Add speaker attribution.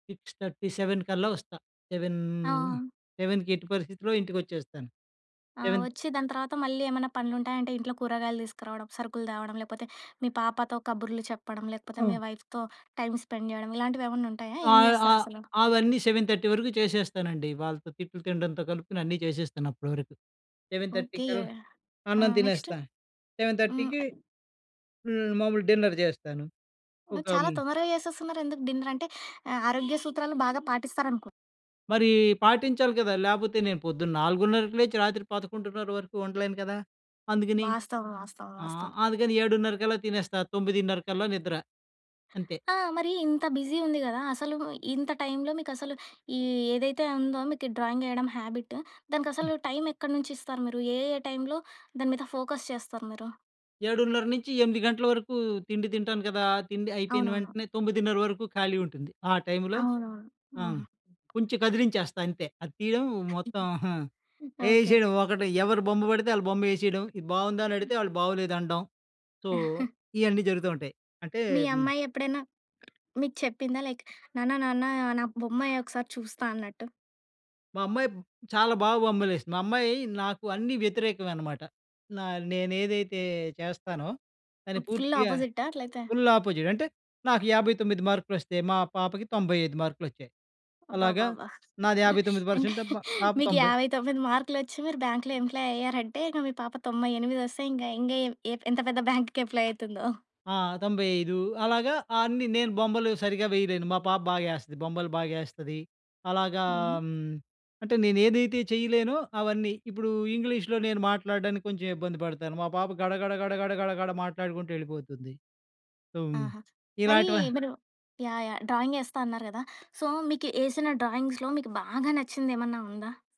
Speaker 1: 6:30, 7 కల్లా వస్తా, సెవెన్
Speaker 2: ఆ!
Speaker 1: సెవెన్‌కి ఎట్టి పరిస్థితిలో ఇంటికి వచ్చేస్తాను.
Speaker 2: ఆ!
Speaker 1: 7
Speaker 2: వచ్చి దాని తర్వాత మళ్ళీ ఏమన్నా పనులుంటాయంటే ఇంట్లో కూరగాయలు తీసుకురావడం, సరుకులు తేవడం, లేకపోతే మీ పాపతో కబుర్లు చెప్పడం, లేకపోతే మీ
Speaker 1: ఆ!
Speaker 2: వైఫ్‌తో టైం స్పెండ్ చేయడం ఇలాంటివి ఏమన్నా ఉంటాయా?
Speaker 1: ఆ!
Speaker 2: ఏం
Speaker 1: ఆహ్,
Speaker 2: చేస్తారసలు.
Speaker 1: అవన్నీ 7:30 వరకు చేసేస్తానండి, వాళ్ళతో తిట్లు తినడంతో కలుపుకొని అన్నీ చేసేస్తాను అప్పటి వరకు. 7:30
Speaker 2: ఓకే.
Speaker 1: కళ్ల
Speaker 2: ఆ!
Speaker 1: అన్నం
Speaker 2: నెక్స్ట్
Speaker 1: తినేస్తా. సెవెన్
Speaker 2: హ్మ్.
Speaker 1: థర్టీకి హ్మ్. మామూలు డిన్నర్ చేస్తాను. ఒక
Speaker 2: చాలా
Speaker 1: హ్మ్
Speaker 2: తొందరగా చేసేస్తున్నారెందుకు డిన్నర్? అంటే ఆహ్, ఆరోగ్య సూత్రాలు బాగా పాటిస్తారనుకుం
Speaker 1: మరి పాటించాలి కదా! లేకపోతే నేను పొద్దున్న 4:30 లేచి రాత్రి 11:30 వరకు ఉండలేను కదా! అందుకని
Speaker 2: వాస్తవం, వాస్తవం,
Speaker 1: ఆ!
Speaker 2: వాస్తవం.
Speaker 1: అందుకని 7:30 కల్లా తినేస్తా 9:30 కల్లా నిద్ర అంతే.
Speaker 2: ఆ! మరి ఇంత బిజీ ఉంది కదా! అసలు ఇంత టైమ్‌లో మీకసలు ఈ ఏదైతే ఉందో మీకు డ్రాయింగ్ ఎయడం హాబిట్,
Speaker 1: హ్మ్.
Speaker 2: దానికసలు టైమ్ ఎక్కన్నుంచి ఇస్తారు మీరు? ఏ ఏ టైంలో దాని మీద ఫోకస్ చేస్తారు మీరు?
Speaker 1: 7:30 నుంచి 8 గంటల వరకు తిండి తింటాను కదా! తిండి అయిపోయిన
Speaker 2: అవునవును.
Speaker 1: వెంటనే 9:30 వరకు ఖాళీ ఉంటుంది. ఆ! టైమ్‌లో
Speaker 2: అవునవును.
Speaker 1: ఆ!
Speaker 2: హుహు.
Speaker 1: కొంచెం కదిలించేస్తా అంతే, అది తీయడం మొత్తం
Speaker 2: ఓకే.
Speaker 1: వేసేయడం ఒకటి ఎవరు బొమ్మ పడితే వాళ్ళ బొమ్మ ఎసేయడం, ఇది బాగుందా అని అడిగితే "వాళ్ళు బాగొలేదు." అనడం సో ఇయన్నీ జరుగుతా ఉంటాయి. అంటే
Speaker 2: మీ అమ్మాయెప్పుడైనా మీకు చెప్పిందా? లేకా నాన్న నాన్న నా బొమ్మాయెకసారి చూస్తా అన్నట్టు.
Speaker 1: మా అమ్మాయి చాలా బాగా బొమ్మలు వేసిద్ది. మా అమ్మాయి నాకు అన్నీ వ్యతిరేకమన్నమాట. నా నేనేదైతే చేస్తానో దాన్ని
Speaker 2: ఫుల్
Speaker 1: పూర్తిగా
Speaker 2: అపోజిట్టా అట్లయితే.
Speaker 1: Full opposite. అంటే నాకు 59 మార్కులు వస్తే, మా పాపకి 95 మార్కులు వచ్చాయి. అలాగా
Speaker 2: అబ్బబ్బబ్బ!
Speaker 1: నాది 59
Speaker 2: అంటే
Speaker 1: పర్సెంట్ తప పాప
Speaker 2: మీకు
Speaker 1: 90.
Speaker 2: 59 మార్కులు వచ్చి మీరు బ్యాంకులో ఎంప్లాయీ అయ్యారంటే, ఇంక మీ పాప 98 వస్తే ఇంగ ఇంగేం ఎంత పెద్ద బ్యాంక్‌కి ఎంప్లాయ్ అయితుందో.
Speaker 1: ఆ! 95 అలాగా అన్ని నేను బొమ్మలు సరిగ్గా వేయలేను. మా పాప బాగా ఎస్తది, బొమ్మలు బాగా ఎస్తది. అలాగా
Speaker 2: హ్మ్.
Speaker 1: అంటే నేను ఏదైతే చేయలేనో అవన్నీ ఇప్పుడు ఇంగ్లీష్‌లో నేను మాట్లాడడానికి కొంచెం ఇబ్బంది పడతాను. మా పాప గడ, గడ, గడ, గడ, గడ, గడ మాట్లాడుకుంటూ ఎళ్ళిపోతుంది. సో,
Speaker 2: ఆహా! మరి
Speaker 1: ఇలాంటివ
Speaker 2: మీరు యాహ్! యాహ్! డ్రాయిం‌గేస్తా అన్నారు కదా! సో మీకు ఏసిన డ్రాయింగ్స్‌లో మీకు బాగా నచ్చింది ఏమన్నా ఉందా?